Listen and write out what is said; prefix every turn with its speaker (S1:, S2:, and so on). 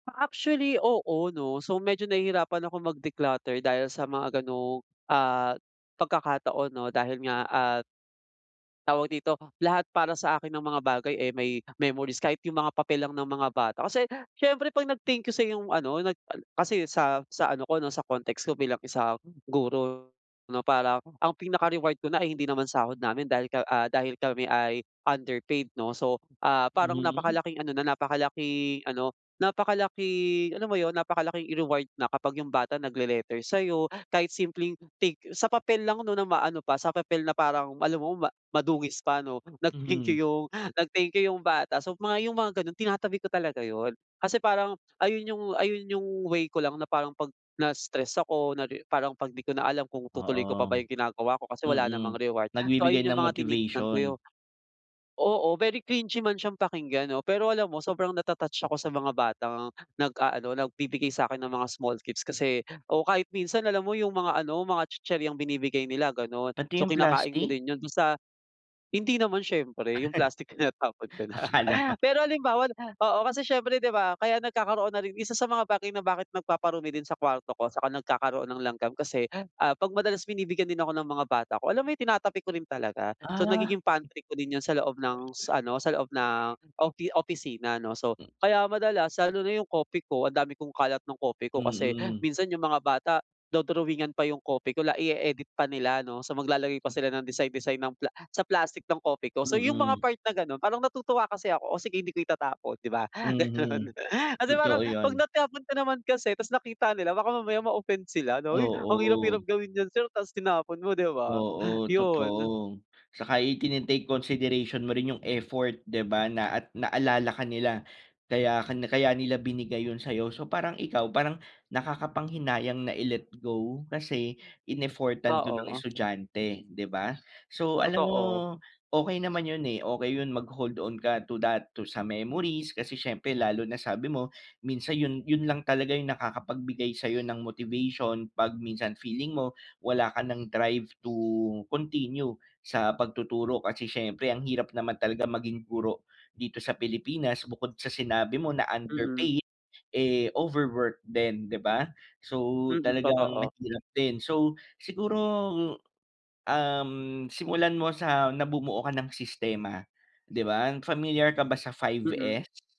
S1: Ah actually oo, 'no. So medyo nahihirapan akong mag-declutter dahil sa mga ganong, ah pagkakataon 'no, dahil nga at Tawag dito lahat, para sa akin ang mga bagay eh may memories kahit yung mga papel lang ng mga bata. Kasi siyempre 'pag nag-thank you sa'yo yung ano, nag ah, kasi sa sa ano ko 'no, sa context ko bilang isang guro 'no, parang ang pinaka-reward ko na ay hindi naman sahod namin, dahil ka ah, dahil kami ay underpaid, 'no. So, ah, parang
S2: Mhm.
S1: napakalaking ano na napakalaking ano napakalaking alam mo yun, napakalaking reward na kapag yung bata nagle-letter sa'yo, kahit simpleng, "Thank you." Sa papel lang 'no na maano pa, sa papel na parang alam mo ma madungis pa ano, nag-thank
S2: Mhm.
S1: you yung nag-thank you, yung bata. So, mga yung mga ganon tinatabi ko talaga yun. Kasi parang ayun yung ayun yung way ko lang na parang 'pag na-stress ako na ri parang 'pag di ko na alam kung 'tutuloy ko pa
S2: Oo.
S1: ba yung ginagawa ko kasi wala namang
S2: Mm.
S1: reward. So ayun
S2: Nagbibigay
S1: yung
S2: ng
S1: mga tinitignan ko.
S2: motivation.
S1: Oo, very cringy man siyang pakinggan 'no, pero alam mo sobrang nata-touch ako sa mga batang nag-aano, nagbibigay sa'kin ng mga small gifts, kasi o kahit minsan alam mo yung mga ano, mga tsitsiryang binibigay nila ganon,
S2: Pati
S1: so
S2: yung
S1: kinakain ko
S2: plastic?
S1: din yun basta hindi naman siyempre, yung plastic tinatapon ka na.
S2: Akala ko
S1: Pero halimbawa oo, kasi siyempre di ba kaya nagkakaroon na rin, isa sa mga bagay na bakit nagpaparumi din sa kwarto ko, saka nagkakaroon ng langgam kasi, ah, 'pag madalas binibigyan din ako ng mga bata ko, alam mo yung tinatabi ko rin talaga. So
S2: Ah.
S1: nagiging pantry ko din yun sa loob ng s ano, sa loob ng ofi opisina, 'no? So, kaya madalas lalo na yung Kopiko, ang dami kong kalat ng Kopiko kasi
S2: Mm.
S1: minsan yung mga bata, do-drawingan pa yung Kopiko, la-i-e-edit pa nila 'no? So maglalagay pa sila ng design design ng pla sa plastic ng Kopiko. So yung mga
S2: Mm.
S1: part na ganon, parang natutuwa kasi ako, "Oh sige, hindi ko itatapon," di ba? Gano'n.
S2: Mhm.
S1: Kasi parang
S2: Totoo
S1: 'pag
S2: 'yon.
S1: natapon ko naman kasi tapos nakita nila baka mamaya ma-offend sila 'no? "Uy, ang hirap-hirap
S2: Oo.
S1: gawin niyan sir tapos tinapon mo." Di ba?
S2: Oo,
S1: Yun.
S2: totoo. Tsaka itine-take consideration mo rin yung effort, di ba na at naalala ka nila, kaya ka kaya nila binigay yun sa'yo. So parang ikaw parang nakakapanghinayang na i-let go kasi in-effortan 'to ng
S1: Oo.
S2: estudyante, di ba? So alam mo,
S1: Totoo.
S2: okey naman yun eh, okey yun mag-hold on ka to that, to sa memories, kasi siyempre lalo na sabi mo, minsan yun yun lang talaga yung nakakapagbigay sa'yo ng motivation 'pag minsan feeling mo wala ka nang drive to continue sa pagtuturo. Kasi siyempre ang hirap naman talaga maging guro dito sa Pilipinas, bukod sa sinabi mo na
S1: Mm.
S2: underpaid, eh, overwork din, 'di ba? So,
S1: Mm,
S2: talagang
S1: totoo.
S2: mahirap din. So, siguro, hmm, um, simulan mo sa na bumuo ka ng sistema, 'di ba? Familiar ka ba sa 5
S1: Mm.
S2: S?